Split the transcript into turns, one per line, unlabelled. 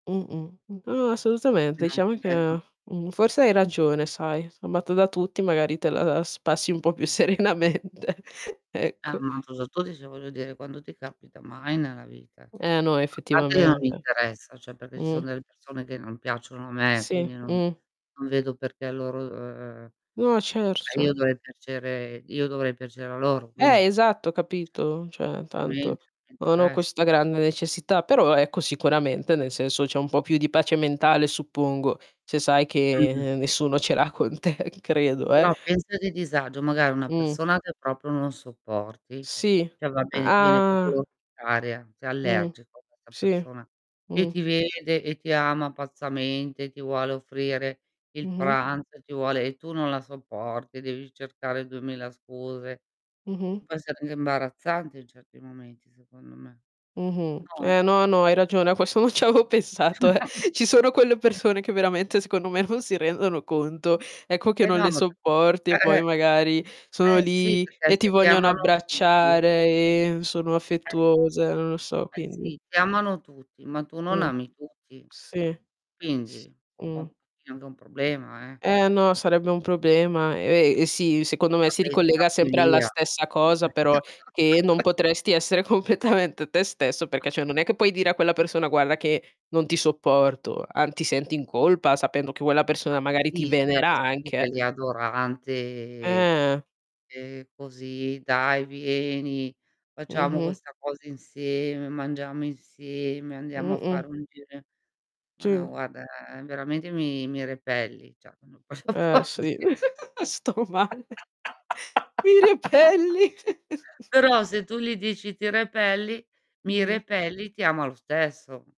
Mh-mh. No, assolutamente.
No,
Diciamo
è vero.
che mhmm, forse hai ragione sai, amata da tutti, magari te la la spassi un po' più serenamente,
Ah,
ecco.
ma [unintelligible] voglio dire, quando ti capita, mai nella vita. A
Eh, no,
parte che non mi
effettivamente.
interessa, cioè, perché ci
Mh.
sono delle persone che non piacciono a me,
Sì.
quindi non
Mh.
non vedo perché a loro uhm, uhm, ma
No,
io
certo.
dovrei piacere io dovrei piacere a loro, quindi,
Eh,
cioè
esatto. Capito? Cioè,
A me int
tanto non ho
interess
questa grande necessità, però ecco sicuramente nel senso c'è un po' più di pace mentale, suppongo, se sai
Mh-mh.
che nessuno ce l'ha con te, credo, eh.
Però pensa che disagio magari una
Mh.
persona che proprio non sopporti,
Sì.
cioè, va bene ti viene proprio
Ah.
contraria, sei
Mh.
allergico a questa
Sì.
persona, e
Mh.
ti vede, e ti ama pazzamente, ti vuole offrire il
Mh-mh.
pranzo, e ti vuole e tu non la sopporti, devi cercare 2000 scuse.
Mh-mh.
Può essere anche imbarazzante in certi momenti, secondo me.
Mh-mh.
No?
Eh, no, no, hai ragione, a questo non ci avevo pensato, eh. Ci sono quelle persone che veramente, secondo me, non si rendono conto, ecco, che
Eh,
non
no
le
ma po
sopporti,
Eh,
e
eh.
poi magari sono
Eh, sì,
lì,
perché
e ti
se ti
vogliono
amano tutti
abbracciare, e sono
Eh.
affettuose, non lo so,
Eh,
quindi
sì, ti amano tutti, ma tu non
Mh.
ami tutti.
Sì.
Quindi
S
un po' un
Mh.
pochino è anche un problema, eh.
Eh, no, sarebbe un problema. Ehm, e sì, secondo me, si
Vabbè, e
ricollega
scappi
sempre alla
via.
stessa cosa, però, ehm, non potresti essere completamente te stesso, perché, cioè, non è che puoi dire a quella persona: "Guarda che non ti sopporto." An ti senti in colpa sapendo che quella
Ma
persona magari ti
sì, c'è
venera
questo qui che è
anche.
lì adorante.
Eh.
"E, così, dai, vieni facciamo
Mh-mh.
questa cosa insieme, mangiamo insieme, andiamo a
Mh-mh.
fare un giro in" "Ma no,
Sì.
guarda veramente mi mi repelli." Cioè,
Eh, sì.
[unintelligible]
Sto male. "Mi repelli."
Però se tu gli dici: "Ti repelli mi
Mh.
repelli", ti ama lo stesso.